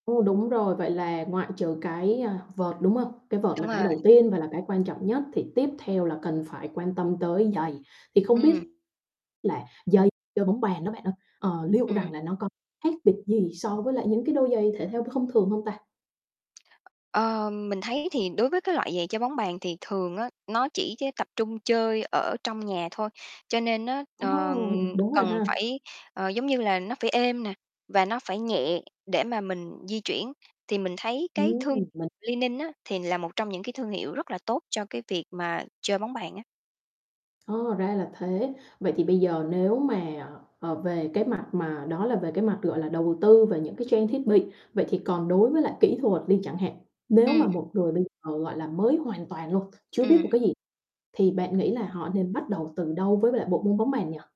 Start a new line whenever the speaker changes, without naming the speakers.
Ồ, đúng rồi. Vậy là ngoại trừ cái, à, vợt, đúng không? Cái vợt là
Đúng
cái
rồi.
đầu tiên và là cái quan trọng nhất, thì tiếp theo là cần phải quan tâm tới giày. Thì không biết
Ừm.
là giày chơi bóng bàn đó bạn ơi, ờ, liệu rằng
Ừm.
là nó có khác biệt gì so với lại những cái đôi giày thể thao th thông thường hông ta?
Ờm, mình thấy thì đối với cái loại giày chơi bóng bàn thì thường á, nó chỉ chơ tập trung chơi ở trong nhà thôi, cho nên á,
Ồ,
ờ,
đúng rồi
cần
ha!
phải, ờ, giống như là, nó phải êm nè, và nó phải nhẹ để mà mình di chuyển. Thì mình thấy cái thương
Ừm, mình
Li-Ning á, thì là một trong những cái thương hiệu rất là tốt cho cái việc mà chơi bóng bàn á.
Ờ, ra là thế. Vậy thì bây giờ nếu mà, ờ, về cái mặt mà đó là về cái mặt, gọi là, đầu tư về những cái trang thiết bị, vậy thì còn đối với lại kỹ thuật đi chẳng hạn, nếu
Ừm.
mà một người bây giờ, gọi là, mới hoàn toàn luôn, chưa biết một
Ừm.
cái gì thì bạn nghĩ là họ nên bắt đầu từ đâu với lại bộ môn bóng bàn nhỉ?